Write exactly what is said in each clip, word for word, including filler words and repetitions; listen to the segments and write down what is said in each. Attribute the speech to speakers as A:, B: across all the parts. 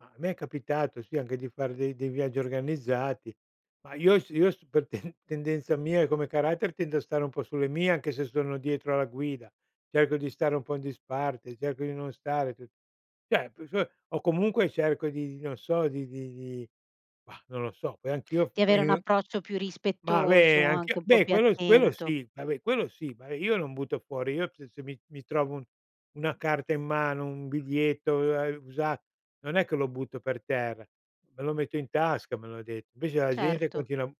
A: Ma a me è capitato, sì, anche di far de dei viaggi organizzati, ma io s io s per ten tendenza mia e come carattere, tendo a stare un po' sulle mie. Anche se sono dietro alla guida, cerco di stare un po' in disparte cerco di non stare tu ceh [unintelligible] o comunque cerco di non so, di di di mah, non lo so, poi anch'io
B: Di avere
A: poi
B: un
A: in
B: approccio più
A: Ma, beh,
B: rispettoso, anche
A: anch'io
B: un po'
A: beh,
B: più
A: quello s quello
B: attento.
A: sì, ta ve quello sì, ma, ehm, io non butto fuori io se se mi mi trovo un una carta in mano, un biglietto, uhm, a usa non è che lo butto per terra, me lo metto in tasca, me lo ha de invece la gente
B: Certo.
A: continua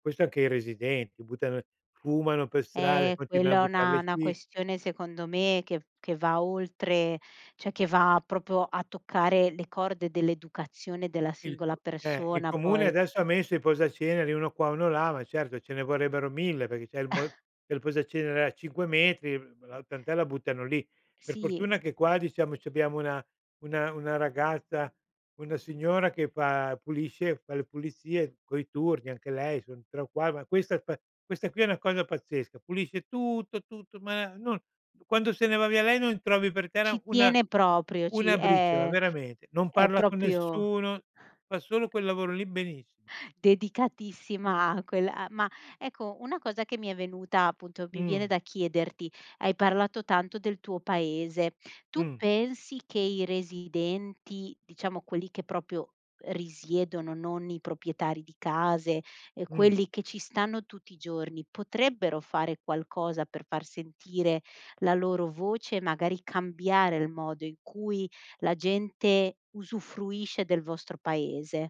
A: questo anche i residenti, buttano fumano per strada, e
B: Eh,
A: continuan
B: quello
A: a
B: è
A: buttar
B: una
A: le
B: una
A: ci
B: questione, secondo me, che che va oltre, ceh che va propo a toccare, le corde dell'educazione della
A: Il c
B: singola
A: eh, il
B: persona
A: comune
B: poi.
A: adesso ha messo i posaceneri, uno qua, uno là, ma, certo ce ne vorrebbero mille, perché c'è il m il posacenere a cinque metri, uhm, la tant'è la buttano lì. Per
B: Sì.
A: fortuna che qua, diciamo, c'abbiamo una una una ragazza, una signora che fa pulisce fa le pulizie, coi turni anche lei son tre o qua ma questa qua questa qui è una cosa pazzesca, pulisce tutto, tutto, ma non quando se ne va via lei, non trovi per terra
B: Ci
A: una
B: tiene proprio, ci
A: una briciola,
B: e
A: veramente. Non
B: è
A: parla con
B: propio
A: nessuno, fa solo quel lavoro lì benissimo.
B: Dedicatissima a quella a ma, ecco, una cosa che mi è venuta appunto, mi viene
A: Mh.
B: da chiederti hai parlato tanto del tuo paese, tu
A: Mh.
B: pensi che i residenti, diciamo quelli che propio risiedono, non i propietari di case, ehm,
A: Mh.
B: quelli che ci stanno tutti i giorni, potrebbero fare qualcosa per far sentire la loro voce, magari cambiare il modo in cui la gente usufruisce del vostro paese?